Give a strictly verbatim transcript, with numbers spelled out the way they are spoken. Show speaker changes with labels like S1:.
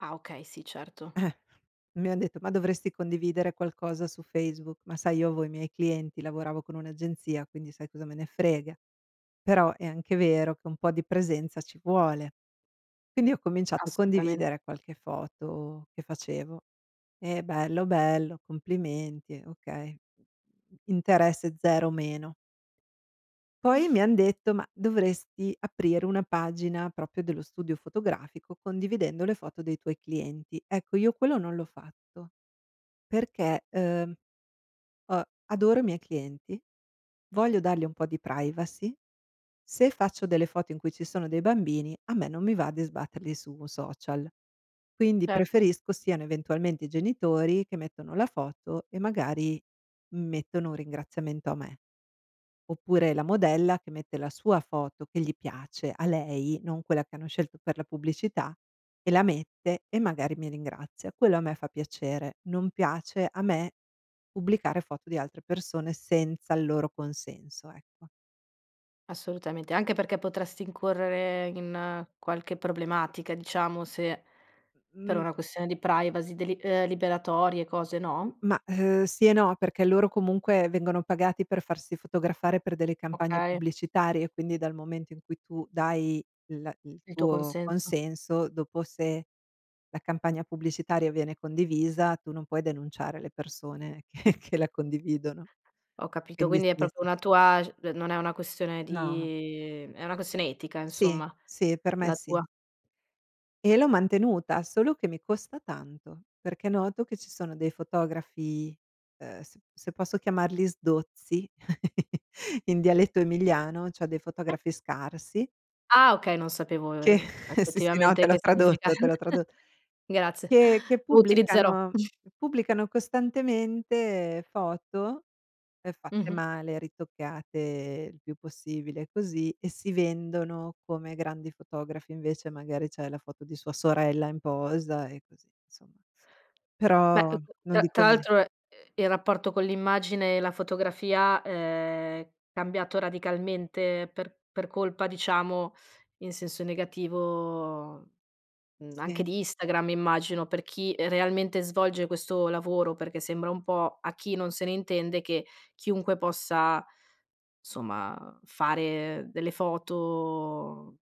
S1: Ah okay, sì, certo.
S2: Mi han detto: "Ma dovresti condividere qualcosa su Facebook". Ma sai io avevo i miei clienti lavoravo con un'agenzia, quindi sai cosa me ne frega? Però è anche vero che un po' di presenza ci vuole. Quindi ho cominciato a
S1: Assolutamen
S2: condividere qualche foto che facevo e: "Bello, bello, complimenti", okay, interesse zero meno Poi mi han detto, ma dovresti aprire una pagina propio dello studio fotografico condividendo le foto dei tuoi clienti. Ecco, io quello non l'ho fatto perché ehm, uhm, adoro i miei clienti, voglio dargli un po' di privacy, se faccio delle foto in cui ci sono dei bambini a me non mi va di sbatterli su un social. Quindi
S1: Certo.
S2: preferisco siano eventualmente i genitori che mettono la foto e magari mettono un ringraziamento a me. Oppure la modella che mette la sua foto che gli piace, a lei, non quella che hanno scelto per la pubblicità, e la mette e magari mi ringrazia. Quello a me fa piacere. Non piace a me pubblicare foto di altre persone senza il loro consenso, ecco.
S1: Assolutamente, anche perché potresti incorrere in qualche problematica, diciamo, se per
S2: M
S1: una questione di privacy, deli uhm liberatorie, cose,
S2: M
S1: no?
S2: ma, uhm, sì e no, perché loro comunque vengono pagati per farsi fotografare per delle campagne
S1: Okay.
S2: pubblicitarie, quindi dal momento in cui tu dai l il
S1: Il tuo
S2: tuo
S1: consenso.
S2: consenso, dopo se la campagna pubblicitaria viene condivisa, tu non puoi denunciare le persone che-che la condividono.
S1: Ho capito,
S2: Quindi
S1: quindi è
S2: sì, è
S1: propio
S2: se
S1: una tua c d non è una questione
S2: No.
S1: di è una questione etica
S2: Sì,
S1: insomma,
S2: sì, per me
S1: la tua.
S2: sì. E l'ho mantenuta, solo che mi costa tanto, perché noto che ci sono dei fotografi, uhm, s se posso chiamarli "sdozzi" in dialetto emiliano, cioè dei fotografi scarsi
S1: Ah okay, non sapevo
S2: che
S1: ehm,
S2: sì, sì, no,
S1: effettivamente
S2: te l'ho
S1: che significa.
S2: tradotto te l'ho tradot
S1: Grazie,
S2: che che
S1: lo utilizzerò.
S2: pubblicano pubblicano costantemente foto ehm fatte
S1: Mh-mh.
S2: male, ritoccate il più possibile così, e si vendono come grandi fotografi invece magari c'è la foto di sua sorella in posa e così, nsomma.
S1: Beh, uhm,
S2: Però
S1: c
S2: non
S1: tra
S2: dico
S1: tra
S2: nie
S1: l'altro, ehm, il rapporto con l'immagine e la fotografia è cambiato radicalmente per per colpa diciamo in senso negativo, mhmm, anche
S2: Sì.
S1: di Instagram immagino, per chi realmente svolge questo lavoro, perché sembra un po' a chi non se ne intende che chiunque possa somma fare delle foto